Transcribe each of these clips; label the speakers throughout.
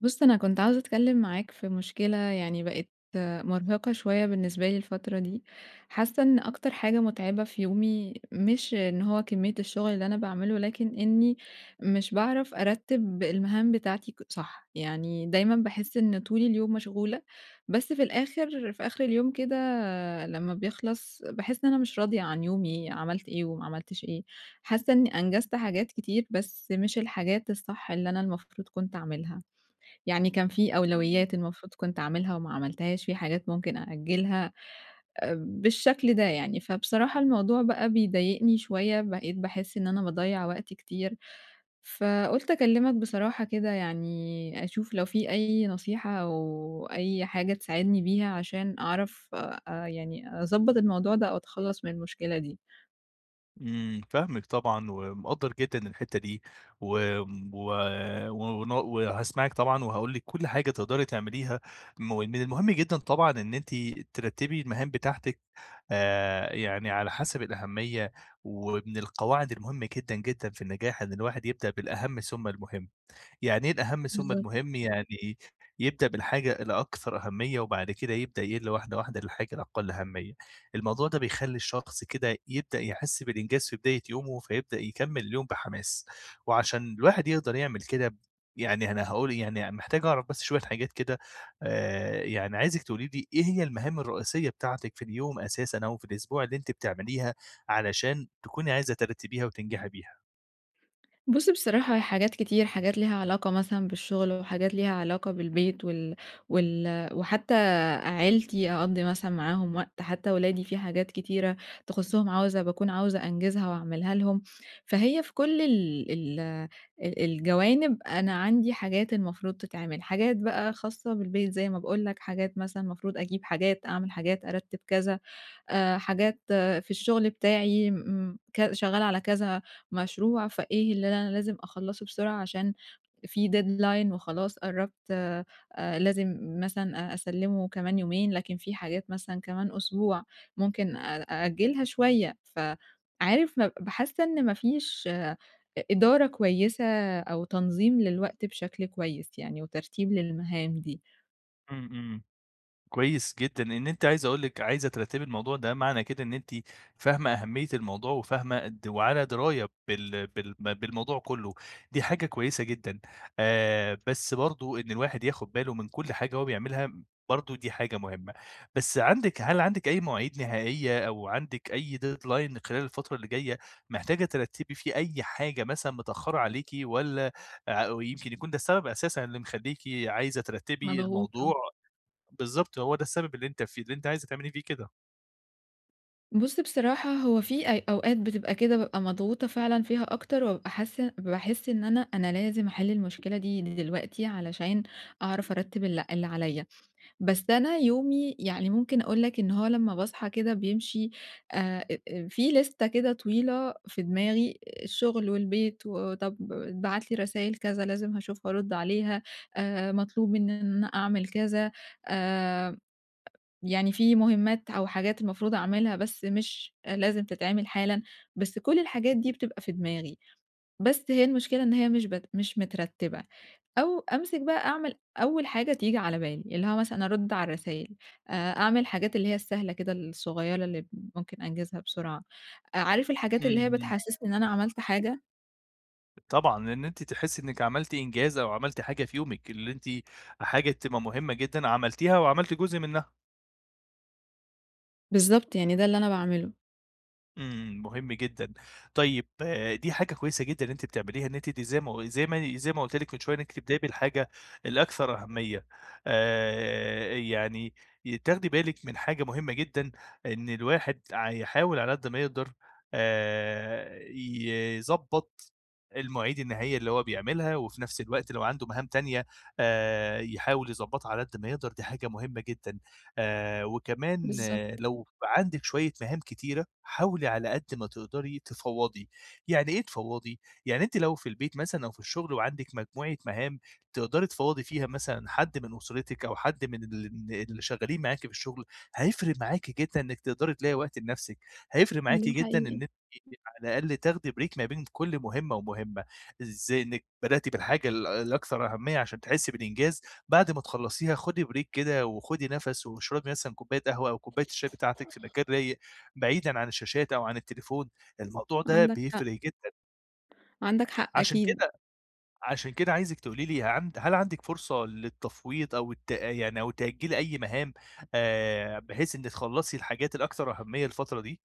Speaker 1: بُص أنا كنت عاوزة أتكلِّم معاك في مُشكلة يعني بقت مُرهقة شوية بالنسبة لي الفترة دي، حاسِّة إن أكتر حاجة مُتعبة في يومي، مش إن هو كمية الشُّغل اللي أنا باعمله، لكن إني مش باعرف أرتِّب المهام بتاعتي ك صح، يعني دايماً باحِسّ إن طول اليوم مشغولة، بس في الآخر في آخر اليوم كده لمّا بيخلص باحِسّ إن أنا مش راضية عن يومي عملت إيه وما عملتش إيه، حاسَّة إني أنجزت حاجات كتير بس مش الحاجات الصح اللي أنا المفروض كنت أعملها، يعني كان في
Speaker 2: إمم.
Speaker 1: أولويّات المفروض كنت أعملها وما عملتهاش، في حاجات ممكن أأجلها بالشكل ده يعني، فبصراحة الموضوع بقى بيضايقني شوية، بقيت باحِسّ إن أنا باضيَّع وقتي كتير، فقُلت أكلِّمك بصراحة كده يعني أشوف لو في أي نصيحة أو أي حاجة تساعدني بيها، عشان أعرف آآ يعني أضبط الموضوع ده أو أتخلَّص من المُشكلة دي.
Speaker 2: إمم، فاهمِك طبعًا ومقدّر جدًا الحِتّة دي، وم و و وهاسمعِك طبعًا، وهاقول لِك كُلّ حاجة تقدري تعمليها، م من المُهم جدًا طبعًا إن أنتِ ترتّبي المهام بتاعتِك آآ يعني على حسب الأهمية، ومن القواعد المُهمَّة جدًا جدًا في النجاح، إن الواحد يبدأ بالأهمّ ثُم المُهم، يعني إيه الأهمّ ثُم
Speaker 1: بالضبط.
Speaker 2: المُهم، يعني يبدأ بالحاجة اللي أكثر أهمية وبعد كده يبدأ يِقلّ واحدة واحدة للحاجة الأقل أهمية، الموضوع ده بيخلّي الشخص كده يبدأ يحِسّ بالإنجاز في بداية يومه فيبدأ يكمِّل اليوم بحماس، وعشان الواحد يقدر يعمل كده، يعني أنا هاقول يعني محتاج أعرف بس شوية حاجات كده، آآ يعني عايزِك تقولي لي إيه هي المهام الرّئيسيّة بتاعتِك في اليوم أساسًا أو في الأسبوع اللي أنتِ بتعمليها، علشان تكوني عايزة ترتِّبِيها وتنجحي بيها؟
Speaker 1: بُص بصراحة هي حاجات كتير، حاجات ليها علاقة مثلًا بالشغل، وحاجات ليها علاقة بالبيت وال وال وحتى عيلتي، أقضّي مثلًا معاهم وقت، حتى ولادي في حاجات كتيرة تخصُّهم، عاوزة باكون عاوزة أنجِزها وأعملها لهم. فهي في كل ال ال أ الجوانب، أنا عندي حاجات المفروض تتعمل، حاجات بقى خاصّة بالبيت زي ما باقول لك، حاجات مثلًا، مفروض أجيب حاجات، أعمل حاجات، أرتِّب كذا، آآ حاجات في الشغل بتاعي امم كذ شغّالة على كذا مشروع فإيه اللي أنا لازم أخلّصُه بسرعة عشان في deadline وخلاص قرّبت آآ لازم مثلًا أ أسلِّمه كمان يومين، لكن في حاجات مثلًا كمان أسبوع ممكن أ أأجِّلها شويّة. فعارف ما باحس إن ما فيش إ إدارة كويّسة أو تنظيم للوقت بشكل كويّس يعني وترتيب للمهام دي.
Speaker 2: إمم، إمم. كويّس جدًا إن أنتِ عايز أقول لِك عايزة ترتّبي الموضوع ده، معنى كده إن أنتِ فاهمة أهميّة الموضوع، وفاهمة قد وعلى دِراية بال بال بالموضوع كُلّه، دي حاجة كويّسة جدًا، آآ بس برضه إن الواحد ياخد باله من كُل حاجة هو بيعملها برضه دي حاجة مُهمّة. بس عَندِك هل عَندِك أي مواعيد نهائيّة أو عندِك أي deadline خلال الفترة اللي جايّة؟ محتاجة ترتّبي فيه أي حاجة مثلًا متأخّرة عليكِ والّا ع ويمكن يكون ده السبب أساسًا اللي مخلّيكِ عايزة ترتّبي الموضوع؟
Speaker 1: مضغوطة.
Speaker 2: بالضبط، هو ده السبب اللي أنتِ في اللي أنتِ عايزة تعملي فيه كده.
Speaker 1: بُص بصراحة، هو في أي أوقات بتبقى كده بابقى مضغوطة فعلًا فيها أكتر وأبقي حاسّة باحس إن أنا، أنا لازم أحل المشكلة دي دلوقتي علشان أعرف أرتِّب ال اللي عليّا. بس أنا يومي يعني ممكن أقول لك إن هو لمّا باصحى كده بيمشي أ أ في لِستَة كده طويلة في دماغي الشغل والبيت وطب اتبعت لي رسايل كذا لازم هاشوف وأرد عليها. آآ مطلوب إن أنا أنا أعمل كذا، آآ، يعني في مُهمات أو حاجات المفروض أعملها، بس مش أ لازم تتعمل حالًا. بس كل الحاجات دي بتبقى في دماغي. بس هي المشكلة إن هي مش بت مش مترتِّبة. أو أمسِك بقى أعمل أول حاجة تيجي على بالي. اللي هو مثلًا أرُد على الرسايل، أ أعمل حاجات اللي هي السهلة كده الصغيرة اللي ب ممكن أنجِزها بسرعة. أ عارف الحاجات اللي هي
Speaker 2: إمم.
Speaker 1: بتحسّسني إن أنا عملت حاجة؟
Speaker 2: طبعًا. لإن أنتِ تحسّي إنِّك عملتِ إنجاز أو عملتِ حاجة في يومِك اللي أنتِ حاجة تبقي مهمة جدًا عملتيها وعملتِ جزء منّها.
Speaker 1: بالضبط. يعني ده اللي أنا باعمله.
Speaker 2: إمم مهم جدًا، طيب دي حاجة كويسة جدًا إن أنتِ بتعمليها، إن أنتِ دي زي ما زي مي زي ما قُلت لِك من شوية إنِك تبدئي بالحاجة الأكثر أهمية، آآ يعني تاخدي بالِك من حاجة مهمة جدًا إن الواحد ع يحاول على قد ما يقدر آآ يضبّط المواعيد النهائية اللي هو بيعملها، وفي نفس الوقت لو عنده مهام تانية آآ يحاول يضبّطها على قد ما يقدر، دي حاجة مهمة جدًا، آآ وكمان
Speaker 1: بالضبط.
Speaker 2: لو عندِك شوية مهام كتيرة حاولي على قد ما تقدري تفوّضي، يعني إيه تفوّضي؟ يعني أنتِ لو في البيت مثلًا أو في الشغل وعندِك مجموعة مهام، تقدري تفوّضي فيها مثلًا حد من أسرتِك أو حد من ال اللي شغالين معاكِ في الشغل، هيفرق معاكِ جدًا إنِك تقدري تلاقي وقت لنفسِك، هيفرق معاكِ
Speaker 1: ده
Speaker 2: جدًا إن
Speaker 1: حقيقي.
Speaker 2: أنتِ على الأقل تاخدي بريك ما بين كل مهمة ومهمة، إزاي؟ إنِك بدأتِ بالحاجة ال الأكثر أهمية عشان تحسي بالإنجاز، بعد ما تخلّصيها خدي بريك كده، وخدي نفس، واشربي مثلًا كوباية قهوة أو كوباية الشاي بتاعتِك في مكان رايق بعيدًا عن الشاشات أو عن التليفون، الموضوع ده
Speaker 1: عندك حق.
Speaker 2: بيفرق جدًا.
Speaker 1: عندك حق،
Speaker 2: عشان
Speaker 1: أكيد.
Speaker 2: كده عشان كده عايزِك تقولي لي عند هل عندِك فرصة للتفويض أو الت يعني أو تأجيل أي مهام، آآ بحيث إن تخلّصي الحاجات الأكثر أهميّة الفترة دي؟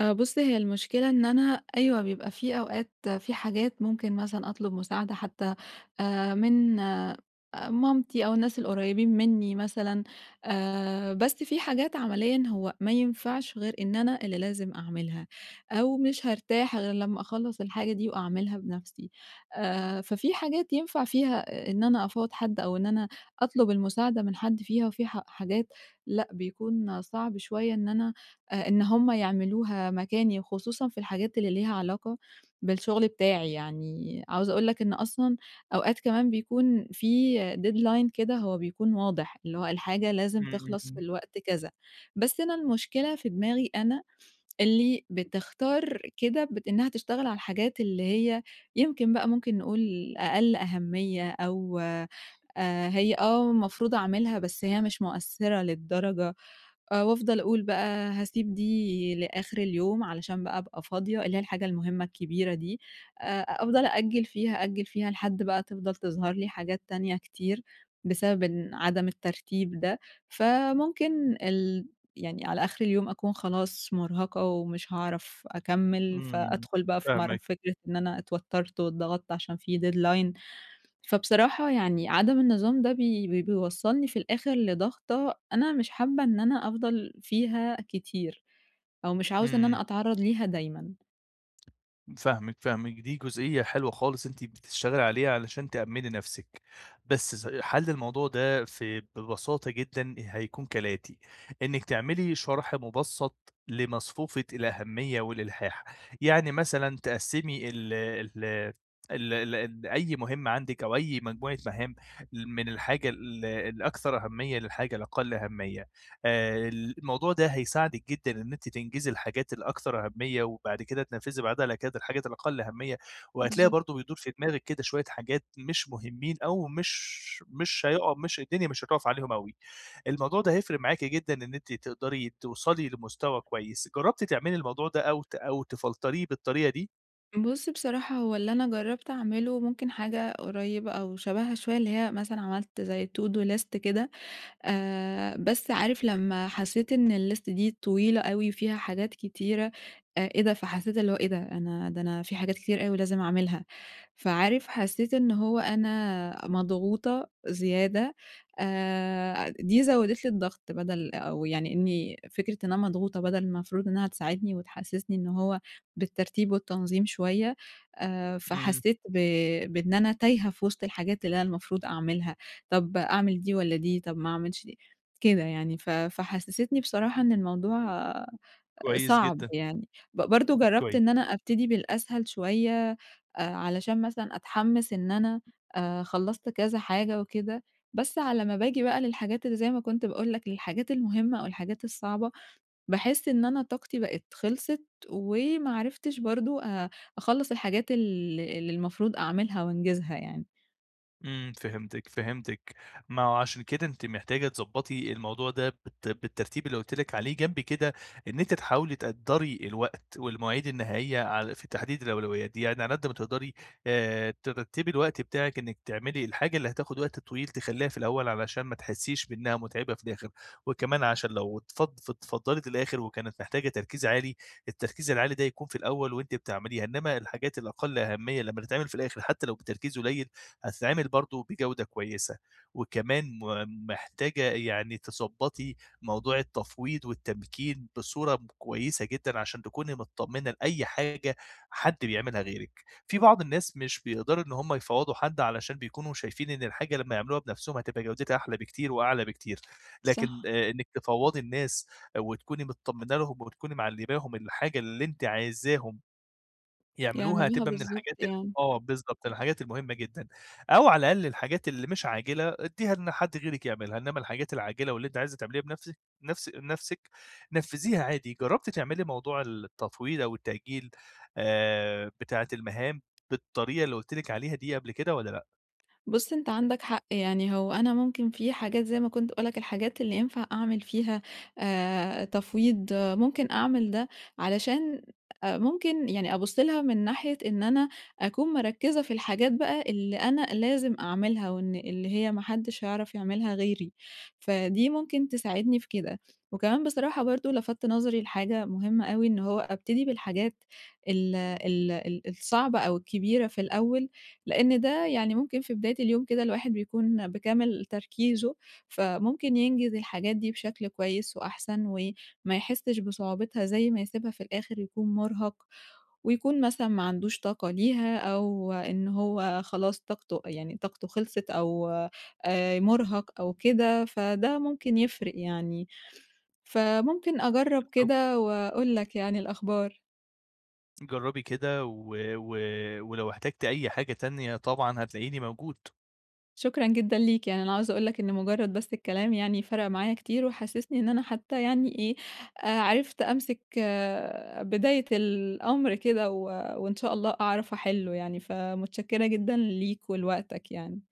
Speaker 1: أ بُص هي المشكلة إن أنا، أيوه بيبقى في أوقات، في حاجات ممكن مثلًا أطلُب مساعَدة حتى آآ، من أ مامتي أو الناس القريّبين مِنّي مثلًا. آآ، بس في حاجات عمليًا هو ما ينفعش غير إن أنا اللي لازم أعملها، أو مش هارتاح غير لمّا أخلّص الحاجة دي وأعملها بنفْسي. آآ ففي حاجات ينفَع فيها إن أنا أفوّض حد أو إن أنا أطلُب المساعدة من حد فيها وفي ح حاجات لأ، بيكون صعب شويّة إن أنا آآ إن هُم يعملوها مكاني خصوصًا في الحاجات اللي ليها علاقة بالشغل بتاعي، يعني عاوزة أقول لك إن أصلًا أوقات كمان بيكون في deadline كده هو بيكون واضح، اللي هو الحاجة لازم
Speaker 2: إمم، إمم،
Speaker 1: تخلَص في
Speaker 2: إمم.
Speaker 1: الوقت كذا. بس أنا المشكلة في دماغي أنا اللي بتختار كده بت إنها تشتغل على الحاجات اللي هي، يمكن بقى ممكن نقول أقل أهميّة أو آآ، هي آه، المفروض أعملها بس هي مش مؤثِّرة للدرجة، آآ وأفضَل أقول بقى هاسيب دي لآخر اليوم علشان بقى أبقى فاضية، اللي هي الحاجة المُهمّة الكبيرة دي. آآ أفضَل أأجِّل فيها، أأجِّل فيها لحد بقى تفضَل تظهر لي حاجات تانية كتير بسبب إن عدم الترتيب ده، فممكن ال يعني على آخر اليوم أكون خلاص مُرهَقة ومش هاعرف أكمِّل،
Speaker 2: إمم،
Speaker 1: فأدخل بقى في مر
Speaker 2: فاهمِك.
Speaker 1: فكرة إن أنا اتوتّرت واتضغطت عشان في deadline فبصراحة يعني عدم النظام ده بي بي بيوصَّلني في الآخر لضغطه أنا مش حابّة إن أنا أفضَل فيها كتير، أو مش عاوزة إن
Speaker 2: إمم.
Speaker 1: أنا أتعرّض ليها دايمًا.
Speaker 2: فاهمِك، فاهمِك. دي جزئية حلوة خالص أنتِ بتشتغلي عليها علشان تأمِّني نفسِك. بس ز حَل الموضوع ده ف ببساطة جدًا هيكون كالآتي. إنِّك تعملي شَرْح مُبسَّط لمصفوفة الأهمية والإلحاح. يعني مثلًا تقسّمي ال ال ال ال أي مهمة عندِك أو أي مجموعة مهام ل من الحاجة ال الأكثر أهمية للحاجة الأقل أهمية. آآ الموضوع ده هيساعدِك جدًا إن أنتِ تنجزي الحاجات الأكثر أهمية وبعد كده تنفّذي بعدها على كده الحاجات الأقل أهمية. وهتلاقي
Speaker 1: بالضبط.
Speaker 2: برضه بيدور في دماغِك كده شوية حاجات مش مهمّين أو مش مش هيقع مش الدنيا مش هتُقف عليهم أوي. الموضوع ده هيفرق معاكِ جدًا إن أنتِ تقدري توصلي لمستوي كويس. جرّبتِ تعملي الموضوع ده أو ت أو تفلتريه بالطريقة دي؟
Speaker 1: بُص، بصراحة هو اللي أنا جرّبت أعمله ممكن حاجة قريّبة أو شبهها شوية اللي هي مثلًا عملت زي to do list كده. آآ بس عارف لمّا حسّيت إن الlist دي طويلة أوي وفيها حاجات كتيرة، أ إيه ده؟! فحسّيت اللي هو إيه ده؟! أنا ده أنا في حاجات كتير أوي لازم أعملها. فعارف حسّيت إن هو أنا مضغوطة زيادة أ دي زوّدت لي الضغط. بَدَل أو يعني إنّي فكرة إن أنا مضغوطة بَدَل المفروض إنّها تساعدني وتحسّسني إن هو بالترتيب والتنظيم شوية. آآ
Speaker 2: إمم.
Speaker 1: فحسّيت ب بإن أنا تايهة في وِسط الحاجات اللي أنا المفروض أعملها. طب أعمل دي والّا دي؟ طب ما أعملش دي كده يعني. ف فحسّستني بصراحة إن الموضوع أ
Speaker 2: كويس
Speaker 1: صعب
Speaker 2: جدًا.
Speaker 1: يعني. ب برضه جرّبت
Speaker 2: كويس.
Speaker 1: إن أنا أبتدي بالأسهل شوية أ علشان مثلًا أتحمِّس إن أنا أ خلّصت كذا حاجة وكده. بس على ما باجي بقى للحاجات اللي زي ما كنت باقول لك، للحاجات المهمة أو الحاجات الصعبة، باحس إن أنا طاقتي بقت خلصت وما عرفتش برضه أ أخلّص الحاجات ال اللي المفروض أعملها وأنجزها يعني.
Speaker 2: إمم فهمتِك، فهمتِك، ما هو عشان كده أنتِ محتاجة تضبّطي الموضوع ده بالت بالترتيب اللي قُلت لِك عليه، جنب كده إن أنتِ تحاولي تقدّري الوقت والمواعيد النهائية عل في تحديد الأولويات دي، يعني على قد ما تقدري آآ ترتّبي الوقت بتاعِك إنِك تعملي الحاجة اللي هتاخد وقت طويل تخلّيها في الأول، علشان ما تحسيش بإنها مُتعِبة في الآخر، وكمان عشان لو اتفض اتفضّلت للآخر، وكانت محتاجة تركيز عالي، التركيز العالي ده يكون في الأول وأنتِ بتعمليها، إنما الحاجات الأقل أهمية لمّا تتعمل في الآخر حتى لو بتركيز قليل، هتتعمل برضه بجودة كويسة. وكمان م محتاجة يعني تضبّطي موضوع التفويض والتمكين بصورة كويسة جدًا، عشان تكوني متطمنة لأي حاجة حد بيعملها غيرِك، في بعض الناس مش بيقدروا إن هم يفوّضوا حد، علشان بيكونوا شايفين إن الحاجة لمّا يعملوها بنفسهم، هتبقى جودتها أحلى بكتير وأعلى بكتير، لكن
Speaker 1: صح
Speaker 2: إنِك تفوّضي الناس وتكوني متطمنة لهم وبتكوني معلّماهم الحاجة اللي أنتِ عايزاهم يعملوها،
Speaker 1: يعملوها
Speaker 2: هتبقى من
Speaker 1: بالضبط
Speaker 2: الحاجات ال
Speaker 1: يعني.
Speaker 2: آه بالضبط، من الحاجات المهمة جدًا، أو على الأقل الحاجات اللي مش عاجلة ادّيها إن حد غيرِك يعملها، إنما الحاجات العاجلة واللي أنتِ عايزة تعمليها بنفسِك نفس نفسِك نفّذيها عادي. جرّبتِ تعملي موضوع التطويل أو التأجيل آآ بتاعة المهام بالطريقة اللي قُلت لِك عليها دي قبل كده، والّا لأ؟
Speaker 1: بُص أنت عندك حق، يعني هو أنا ممكن في حاجات زي ما كنت باقول لك الحاجات اللي ينفع أعمل فيها آآ تفويض، ممكن أعمل ده، علشان أ ممكن يعني أبُص لها من ناحية إن أنا أكون مركزة في الحاجات بقى اللي أنا لازم أعملها، أو إن اللي هي ما حدش هيعرف يعملها غيري، فدي ممكن تساعدني في كده، وكمان بصراحة برضه لَفتّ نظري لحاجة مهمة أوي، إن هو أبتدي بالحاجات ال ال ال الصعبة أو الكبيرة في الأول، لأن ده يعني ممكن في بداية اليوم كده الواحد بيكون بكامل تركيزه، فممكن ينجز الحاجات دي بشكل كويس وأحسن وما يحسش بصعوبتها، زي ما يسيبها في الآخر يكون مرهق ويكون مثلًا ما عندوش طاقة ليها، أو إن هو خلاص طاقته يعني طاقته خلصت أو آآ مرهق أو كده، فده ممكن يفرق يعني، فممكن أجرّب
Speaker 2: بالضبط.
Speaker 1: كده وأقول لك يعني الأخبار.
Speaker 2: جرّبي كده و و ولو احتجتِ أي حاجة تانية طبعًا هتلاقيني موجود.
Speaker 1: شكرًا جدًا ليك، يعني أنا عاوزة أقول لك إنه مجرد بس الكلام يعني فرَق معايا كتير، وحسسني إن أنا حتى يعني إيه آآ عرفت أمسك بداية الأمر كده، و وإن شاء الله أعرف أحلّه يعني، فمتشكرة جدًا ليك ولوقتك يعني.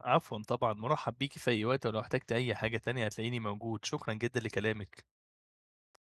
Speaker 2: عفوًا طبعًا، مُرحّب بيكِ في أي وقت، ولو احتجتِ أي حاجة تانية هتلاقيني موجود، شكرًا جدًا لكلامِك.